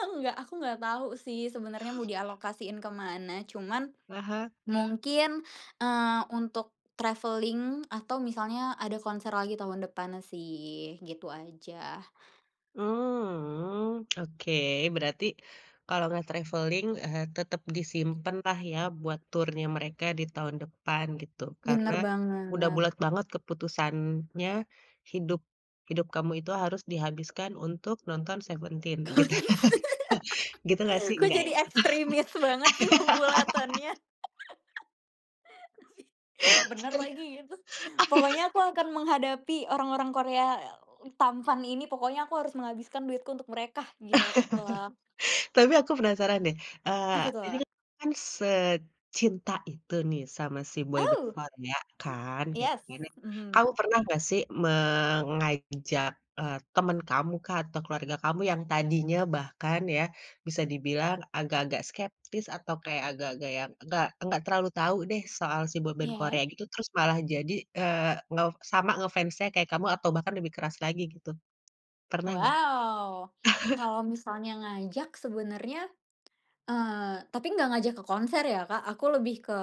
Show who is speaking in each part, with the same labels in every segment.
Speaker 1: Aku gak aku gak tau sih sebenernya mau dialokasiin ke mana cuman,
Speaker 2: Heeh.
Speaker 1: mungkin, eee, untuk travelling atau misalnya ada konser lagi tahun depan sih gitu aja.
Speaker 2: Mmm, oke, berarti, kalau gak travelling eee, tetep disimpenlah ya buat turnya mereka di tahun depan gitu. Karena,
Speaker 1: Bener
Speaker 2: udah
Speaker 1: banget.
Speaker 2: bulat banget keputusannya, hidup hidup kamu itu harus dihabiskan untuk nonton Seventeen gitu. Gitu gak sih?
Speaker 1: Kok
Speaker 2: Nggak ya.
Speaker 1: jadi ekstrimis banget sih pembulatannya? Tapi, bener lagi gitu. Pokoknya aku akan menghadapi orang-orang Korea tampan ini pokoknya aku harus menghabiskan duitku untuk mereka gitu loh.
Speaker 2: Tapi aku penasaran deh, eee,
Speaker 1: Apa
Speaker 2: ini
Speaker 1: tuh?
Speaker 2: kamu kan secinta itu nih sama si boyband
Speaker 1: Aw.
Speaker 2: Korea kan, gitu
Speaker 1: Yes,
Speaker 2: kan ya,
Speaker 1: mhm.
Speaker 2: kamu pernah gak sih mengajak, eee, temen kamukah atau keluarga kamu yang tadinya bahkan ya, bisa dibilang agak-agak skeptis atau kayak agak-agak yang, nggak nggak terlalu tahu deh soal si boyband Korea
Speaker 1: Iya.
Speaker 2: gitu terus malah jadi, eee, nge sama nge-fans-nya kayak kamu atau bahkan lebih keras lagi gitu? Pernah gak?
Speaker 1: Waw. Kalau misalnya ngajak sebenarnya, eee, tapi enggak ngajak ke konser ya, Kak, aku lebih ke,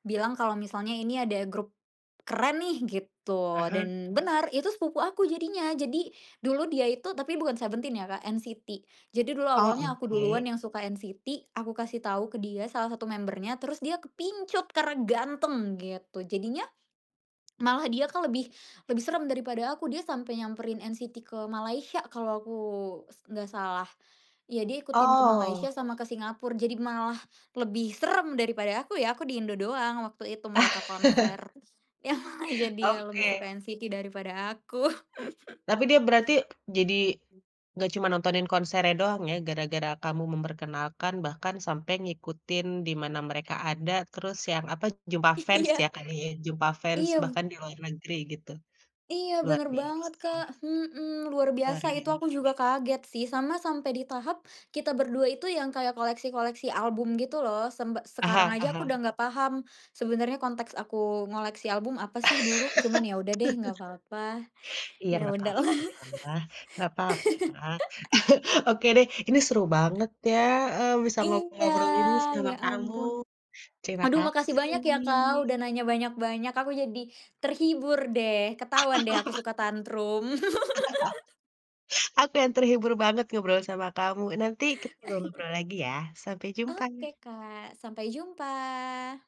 Speaker 1: bilang kalau misalnya, "Ini ada grup, keren nih," gitu
Speaker 2: Heeh.
Speaker 1: dan benar itu sepupu aku jadinya. Jadi, dulu dia itu tapi bukan Seventeen ya, Kak, NCT. Jadi dulu
Speaker 2: Oh,
Speaker 1: awalnya aku duluan
Speaker 2: oke.
Speaker 1: yang suka NCT aku kasih tahu ke dia salah satu member-nya terus dia kepincut karena ganteng gitu jadinya, malah dia, Kak, lebih lebih serem daripada aku dia sampai nyamperin NCT ke Malaysia kalau aku s nggak salah. Ya dia ikutin ke
Speaker 2: Oh.
Speaker 1: Malaysia sama ke Singapura jadi malah, lebih serem daripada aku ya aku di Indo doang waktu itu mereka konser. Yah jadi lebih
Speaker 2: Oke.
Speaker 1: suka NCT daripada aku.
Speaker 2: Tapi dia berarti jadi, gak cuma nontonin konsernya doang ya gara-gara kamu memperkenalkan bahkan sampai ngikutin di mana mereka ada terus yang apa, jumpa fans
Speaker 1: Iya.
Speaker 2: ya tadi jumpa fans,
Speaker 1: Iyem
Speaker 2: bahkan di luar negeri gitu.
Speaker 1: Iya
Speaker 2: Luar
Speaker 1: bener banget,
Speaker 2: biasa.
Speaker 1: Kak, hmm, luar
Speaker 2: Luar
Speaker 1: biasa itu aku
Speaker 2: biasa.
Speaker 1: juga kaget sih sama sampai di tahap, kita berdua itu yang kayak koleksi-koleksi album gitu loh. Sembe sekarang
Speaker 2: Aha
Speaker 1: aja aku udah
Speaker 2: aha.
Speaker 1: nggak paham, sebenarnya konteks aku ngoleksi album apa sih dulu cuman ya udah deh nggak apa-apa.
Speaker 2: Iya
Speaker 1: Ya
Speaker 2: nggak
Speaker 1: udahlah.
Speaker 2: papalah, nggak papa. Oke deh, ini seru banget ya, eee, bisa ngo
Speaker 1: Iya,
Speaker 2: ngobrol gini sama
Speaker 1: ya
Speaker 2: kamu.
Speaker 1: ampun.
Speaker 2: Terima
Speaker 1: Aduh makasih
Speaker 2: kasih.
Speaker 1: banyak ya, Kak, udah nanya banyak-banyak aku jadi, terhibur deh. Ketahuan deh aku suka tantrum.
Speaker 2: Aku yang terhibur banget ngobrol sama kamu. Nanti kita ngobrol-ngobrol lagi ya, sampai jumpa.
Speaker 1: Oke, Kak, sampai jumpa.